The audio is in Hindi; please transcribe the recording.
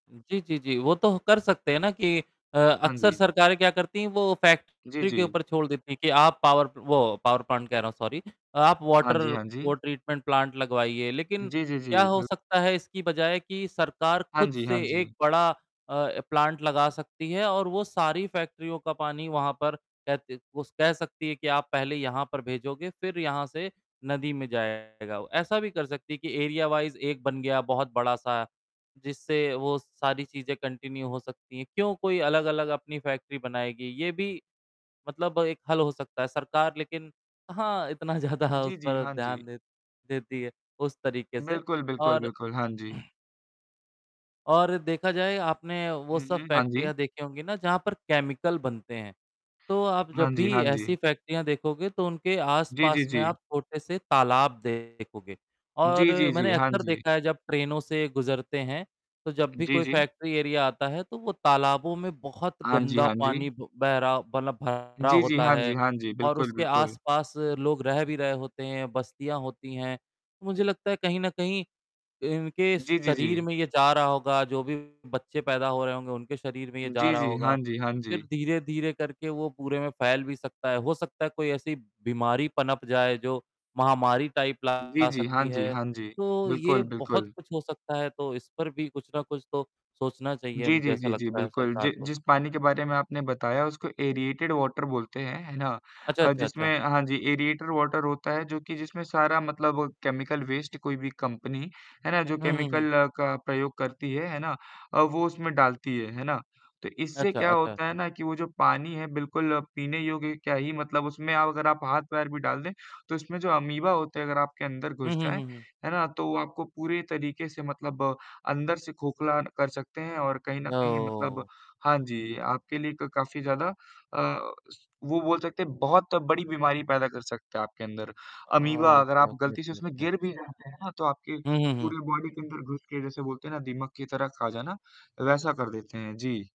जी, जी, जी। वो तो कर सकते हैं ना कि अ, हाँ अक्सर जी। सरकारें क्या करती हैं, वो जी, फैक्ट्री के जी। ऊपर छोड़ देती हैं कि आप पावर वो पावर प्लांट कह रहा हूँ, सॉरी आप हाँ वाटर जी, हाँ वो जी। ट्रीटमेंट प्लांट लगवाइए, लेकिन जी, जी, जी। क्या हो बिल सकता है इसकी बजाय कि सरकार हाँ खुद जी, से हाँ एक जी। बड़ा अ, प्लांट लगा सकती है और वो सारी फैक्ट्रियों का पानी वहाँ पर कह स कह सकती है कि आप पहले यहाँ पर भेजोगे, फिर यहाँ से नदी में जाएगा, ऐसा भी कर सकती है कि एरिया वाइज़ 1 बन गया बहुत बड़ा-सा, जिससे वो सारी चीज़ें कंटिन्यू हो सकती हैं। क्यों कोई अलग-अलग अपनी फैक्ट्री बनाएगी, ये भी मतलब एक हल हो सकता है, सरकार लेकिन कहाँ इतना ज़्यादा जी, उस जी। पर हाँ जी। ध्यान दे देती है उस तरीके से बिल्कुल, बिल्कुल, और बिल्कुल। हाँ जी। और देखा जाए आपने वो हुँ, सब हुँ। हाँ जी। फैक्ट्रियाँ देखी होंगी ना जहाँ पर केमिकल बनते हैं, तो आप हाँ जब जी, भी हाँ ऐसी जी। फैक्ट्रियाँ देखोगे तो उनके जी, जी, आस-पास में जी। आप छोटे से तालाब देखोगे और जी, जी, मैंने जी। हाँ अक्सर जी। देखा है जब ट्रेनों से गुज़रते हैं, तो जब भी जी, कोई जी। फैक्ट्री एरिया आता है तो वो तालाबों में बहुत हाँ जी, गंदा हाँ जी। पानी बह रहा मतलब भरा जी, जी। होता हाँ जी, है हाँ जी। और बिल्कुल, उसके बिल्कुल। आसपास लोग रह भी रहे होते हैं, बस्तियाँ होती हैं। मुझे लगता है कहीं न कहीं इनके जी, जी, शरीर जी। में ये जा रहा होगा, जो भी बच्चे पैदा हो रहे होंगे, उनके शरीर में ये जा जी, रहा जी। होगा, हाँ जी, हाँ जी। फिर धीरे-धीरे करके वो पूरे में फैल भी सकता है, हो सकता है कोई ऐसी बीमारी पनप जाए जो महामारी टाइप जी, ला जी। हाँ सकती जी, है, हाँ जी। तो ये बिल्कुल, बहुत बिल्कुल। कुछ हो सकता है, तो इस पर भी कुछ ना कुछ तो सोचना चाहिए, जी, मुझे जी, ऐसा जी, जी। लगता है बिल्कुल, जि सरकार को। जिस पानी के बारे में आपने बताया उसको एरिएटेड वाटर बोलते हैं, है ना? अच्छा, अ, अच्छा, अच्छा। जिसमें हाँ जी एरिएटेड वाटर होता है, जो कि जिसमें सारा मतलब केमिकल वेस्ट कोई भी कंपनी, है ना? जो हुँ, हुँ, हुँ। केमिकल का प्रयोग करती है, है ना? वो उसमें डालती है, है ना? तो इससे अच्छा, क्या अच्छा, होता है अच्छा। ना कि वो जो पानी है बिल्कुल पीने योग्य क्या ही मतलब उसमें अगर आप हाथ-पैर भी डाल दें, तो उसमें जो अमीबा होते हैं, अगर आपके अंदर हुँ, घुस हुँ, जाएँ, हुँ, हुँ। है ना? तो वो आपको पूरे तरीके से मतलब अंदर से खोखला कर सकते हैं और कहीं न कहीं मतलब ओह। हाँ जी, आपके लिए क काफ़ी ज़्यादा अ, वो बोल सकते हैं, बहुत बड़ी बीमारी पैदा कर सकते हैं आपके अंदर अमीबा, अगर ओके, आप ओके, गलती से ओके उसमें ओके। गिर भी जाते हैं ना, तो आपके हुँ, हुँ, हुँ। पूरे बॉडी के अंदर घुस के जैसे बोलते हैं ना दीमक की तरह खा जाना, वैसा कर देते हैं। जी।